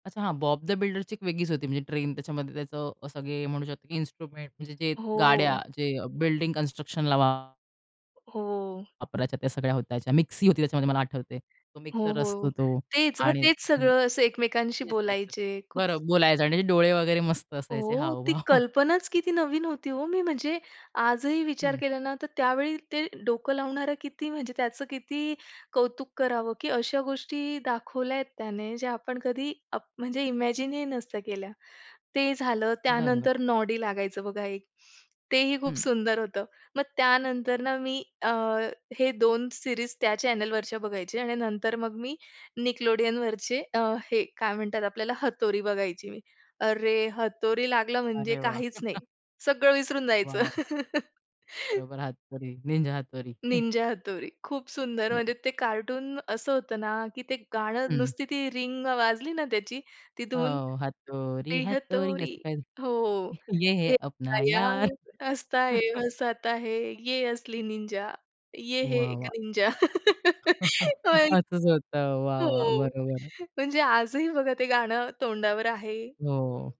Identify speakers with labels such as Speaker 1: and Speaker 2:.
Speaker 1: अच्छा, हां, Bob the बिल्डरची एक वेगळीच होती, म्हणजे ट्रेन त्याच्यामध्येच अ, असं की म्हणू शकतो की इन्स्ट्रुमेंट, म्हणजे जे गाड्या
Speaker 2: हो.
Speaker 1: जे बिल्डिंग कन्स्ट्रक्शनला वा
Speaker 2: हो.
Speaker 1: पराच्या त्या सगळ्या होत्या. त्याच्या मिक्सी होती त्याच्यामध्ये, मला आठवते. तो
Speaker 2: हो,
Speaker 1: मिक्सर असतो
Speaker 2: हो.
Speaker 1: तो
Speaker 2: तेच, मग
Speaker 1: आणि
Speaker 2: तेच
Speaker 1: हं.
Speaker 2: सगळं असं एकमेकांशी
Speaker 1: येस, येस, येस.
Speaker 2: बोलायचे. खूप
Speaker 1: बरं बोलायचं आणि डोळे वगैरे मस्त असायचे
Speaker 2: ओह! ती
Speaker 1: हावभाव.
Speaker 2: कल्पनाच किती नवीन होती हो. मी म्हणजे आजही विचार
Speaker 1: हं.
Speaker 2: केला ना, तर त्यावेळी ते डोकं लावणारं किती, म्हणजे त्याचं किती कौतुक करावं की अशा गोष्टी दाखवल्यात त्याने, ज्या आपण कधी आप म्हणजे इमॅजिन ही नसत्या केल्या. ते झालं,
Speaker 1: बरोबर.
Speaker 2: त्यानंतर नॉडी लागायचं बघा एक. तेही खूप
Speaker 1: हं.
Speaker 2: सुंदर होतं. मग त्यानंतर ना मी अ, हे 2 सिरीज त्या चॅनेलवरच्या बघायचे आणि नंतर मग मी Nickelodeonवरचे अ, हे काय म्हणतात आपल्याला, हतोरी बघायची मी. अरे! हतोरी लागला म्हणजे
Speaker 1: अरे वाह!
Speaker 2: काहीच नाही, सगळं विसरून जायचं.
Speaker 1: वॉव! बरोबर हातोरी, निंजा हातोरी.
Speaker 2: निंजा हतोरी. खूप सुंदर,
Speaker 1: येस.
Speaker 2: म्हणजे ते कार्टून असं होतं ना की ते गाणं
Speaker 1: हं.
Speaker 2: नुसती ती रिंग वाजली ना त्याची, ती
Speaker 1: अ,
Speaker 2: धून.
Speaker 1: हातोरी,
Speaker 2: [unintelligible]
Speaker 1: हतोरी
Speaker 2: हतोरी.
Speaker 1: असं काही
Speaker 2: हो,
Speaker 1: तरी. ये है
Speaker 2: ये है अपना
Speaker 1: अपना यार.
Speaker 2: यार हसता और हासता है, ये असली निंजा, ये हे
Speaker 1: वाह!
Speaker 2: एक
Speaker 1: वाह!
Speaker 2: निंजा.
Speaker 1: असंच होत.
Speaker 2: [unintelligible]
Speaker 1: वाह!
Speaker 2: हो,
Speaker 1: वाह! बरोबर.
Speaker 2: म्हणजे आजही बघा ते गाणं तोंडावर आहे.
Speaker 1: हो.